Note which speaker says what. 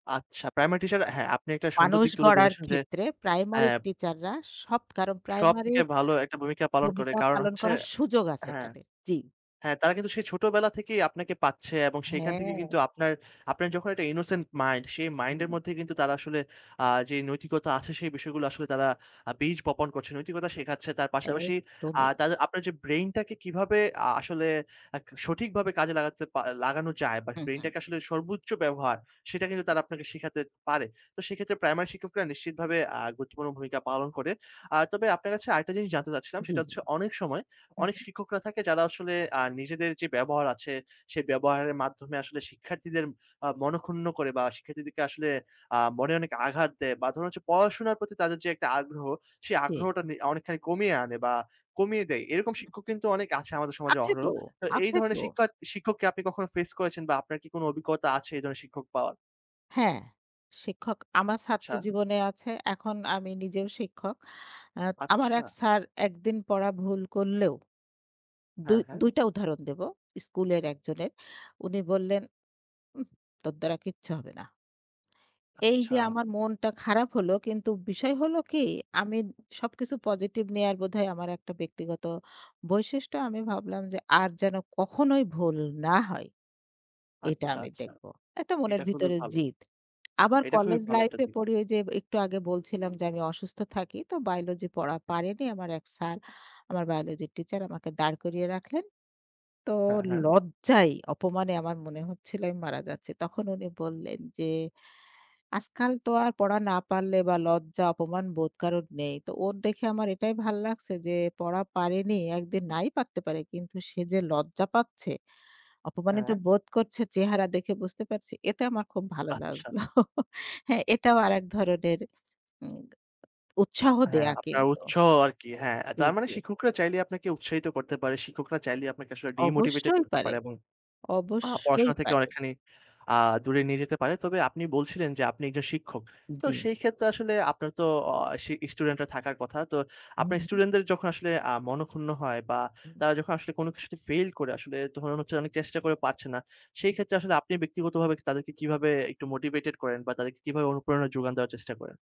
Speaker 1: আচ্ছা, প্রাইমারি টিচাররা হ্যাঁ আপনি একটা সুন্দর
Speaker 2: মানুষ
Speaker 1: দিক তুলে
Speaker 2: গড়ার
Speaker 1: ধরেছেন যে
Speaker 2: ক্ষেত্রে প্রাইমারির
Speaker 1: হ্যাঁ
Speaker 2: টিচাররা সব, কারণ
Speaker 1: সবথেকে
Speaker 2: প্রাইমারির
Speaker 1: ভালো একটা ভূমিকা পালন করে।
Speaker 2: ভূমিকা
Speaker 1: কারণ
Speaker 2: পালন
Speaker 1: হচ্ছে
Speaker 2: করার সুযোগ আছে
Speaker 1: হ্যাঁ।
Speaker 2: তাদের। জি।
Speaker 1: হ্যাঁ তারা কিন্তু সেই ছোটবেলা থেকেই আপনাকে পাচ্ছে, এবং সেইখান থেকে কিন্তু
Speaker 2: হ্যাঁ!
Speaker 1: আপনার আপনার যখন একটা innocent mind সেই মাইন্ডের
Speaker 2: হুম।
Speaker 1: মধ্যেই কিন্তু তারা আসলে আ যে নৈতিকতা আছে, সেই বিষয়গুলো আসলে তারা আ বীজ বপন করছে, নৈতিকতা শেখাচ্ছে। তার পাশাপাশি আ
Speaker 2: একদমই।
Speaker 1: তাদের আপনার যে ব্রেইনটাকে কিভাবে আ আসলে আ সঠিকভাবে কাজে লাগাতে পা লাগানো যায় বা
Speaker 2: হু, হু।
Speaker 1: ব্রেইনটাকে আসলে সর্বোচ্চ ব্যবহার, সেটা কিন্তু তারা আপনাকে শেখাতে পারে। তো সেক্ষেত্রে প্রাইমারি শিক্ষকরা নিশ্চিতভাবে আ গুরুত্বপূর্ণ ভূমিকা পালন করে। আ তবে আপনার কাছে আরেকটা জিনিস জানতে চাচ্ছিলাম
Speaker 2: জি।
Speaker 1: সেটা হচ্ছে, অনেক সময়
Speaker 2: হু,
Speaker 1: অনেক
Speaker 2: হু।
Speaker 1: শিক্ষকরা থাকে যারা আসলে আ নিজেদের যে ব্যবহার আছে সেই ব্যবহারের মাধ্যমে আসলে শিক্ষার্থীদের আ মন-ক্ষুন্ন করে বা শিক্ষার্থীদেরকে আসলে আ মনে অনেক আঘাত দেয়, বা ধরুন হচ্ছে পড়াশোনার প্রতি তাদের যে একটা আগ্রহ, সেই
Speaker 2: জি।
Speaker 1: আগ্রহটা নে অনেকখানি কমিয়ে আনে বা কমিয়ে দেয়। এরকম শিক্ষক কিন্তু অনেক আছে আমাদের সমাজে
Speaker 2: আছে
Speaker 1: অহরহ।
Speaker 2: তো,
Speaker 1: তো এই
Speaker 2: আছে তো।
Speaker 1: ধরনের শিক্ষা শিক্ষককে আপনি কখনো ফেস করেছেন? বা আপনার কি কোন অভিজ্ঞতা আছে এই ধরনের শিক্ষক পাওয়ার?
Speaker 2: হ্যাঁ। শিক্ষক আমার ছাত্র
Speaker 1: আচ্ছা।
Speaker 2: জীবনে আছে। এখন আমি নিজেও শিক্ষক। অ্যা আমার এক
Speaker 1: আচ্ছা!
Speaker 2: স্যার ১ দিন পড়া ভুল করলেও
Speaker 1: হ্যাঁ,
Speaker 2: ২
Speaker 1: হ্যাঁ?
Speaker 2: ২ টা উদাহরণ দেব, স্কুলের একজনের উনি বললেন, "উহ! তোর দ্বারা কিচ্ছু হবে না!" এই যে
Speaker 1: আচ্ছা।
Speaker 2: আমার মনটা খারাপ হলো কিন্তু বিষয় হলো কি আমি উম সবকিছু পজিটিভ নেয়ার বোধহয় আমার একটা ব্যক্তিগত বৈশিষ্ট্য আমি ভাবলাম যে, "আর যেন কখনোই ভুল না হয়। এটা
Speaker 1: আচ্ছা,
Speaker 2: আমি
Speaker 1: আচ্ছা
Speaker 2: দেখব।" এটা মনের
Speaker 1: এটা খুবই
Speaker 2: ভিতরে
Speaker 1: ভালো।
Speaker 2: জিদ। আবার
Speaker 1: এটা খুবই
Speaker 2: কলেজ
Speaker 1: ভালো
Speaker 2: লাইফ
Speaker 1: একটা
Speaker 2: এ
Speaker 1: দিক।
Speaker 2: পড়ি, ঐ যে একটু আগে বলছিলাম যে আমি অসুস্থ থাকি তো বায়োলজি পড়া পারিনি, আমার এক স্যার আমার বায়োলজির টিচার আমাকে দাঁড় করিয়ে রাখলেন। তো
Speaker 1: হ্যাঁ, হ্যাঁ।
Speaker 2: লজ্জায় অপমানে আমার মনে হচ্ছিল আমি মারা যাচ্ছি। তখন উনি বললেন যে, "আজকাল তো আর পড়া না পারলে বা লজ্জা অপমান বোধ কারোর নেই। তো ওর দেখে আমার এটাই ভাল লাগছে যে পড়া পারেনি, একদিন নাই পারতে পারে কিন্তু সে যে লজ্জা পাচ্ছে, অপমানিত
Speaker 1: হ্যাঁ।
Speaker 2: বোধ করছে চেহারা দেখে বুঝতে পারছি। এতে আমার খুব ভালো
Speaker 1: আচ্ছা।
Speaker 2: লাগলো।" হ্যাঁ এটাও আরেক ধরনের উমগা উৎসাহ
Speaker 1: হ্যাঁ
Speaker 2: দেয়া
Speaker 1: আপনার
Speaker 2: কিন্তু। অ্যা
Speaker 1: উৎসাহ আরকি হ্যাঁ। অ্যা
Speaker 2: জি,
Speaker 1: তার মানে
Speaker 2: জি।
Speaker 1: শিক্ষকরা চাইলে আপনাকে উৎসাহিত করতে পারে শিক্ষকরা চাইলেই আপনাকে আসলে ডিমোটিভেটেড
Speaker 2: অবশ্যই
Speaker 1: করতে
Speaker 2: পারে,
Speaker 1: পারে এবং আ
Speaker 2: অবশ্যই
Speaker 1: পড়াশোনা থেকে
Speaker 2: পারে।
Speaker 1: অনেকখানি আ দূরে নিয়ে যেতে পারে। তবে আপনি বলছিলেন যে আপনি একজন শিক্ষক।
Speaker 2: উম
Speaker 1: তো
Speaker 2: জি।
Speaker 1: সেই ক্ষেত্রে আসলে আপনার তো অ আ সি স্টুডেন্টরা থাকার কথা। তো
Speaker 2: হুম,
Speaker 1: আপনার
Speaker 2: হুম।
Speaker 1: স্টুডেন্টদের যখন আসলে আ মনক্ষুন্ন হয় বা
Speaker 2: উম।
Speaker 1: তারা যখন আসলে কোন কিছুতে ফেইল করে আসলে তখন হচ্ছে অনেক চেষ্টা করে পারছে না সেই ক্ষেত্রে আসলে আপনি ব্যক্তিগতভাবে তাদেরকে কিভাবে একটু মোটিভেটেড করেন? বা তাদেরকে কিভাবে অনুপ্রেরণা যোগান দেওয়ার চেষ্টা করেন?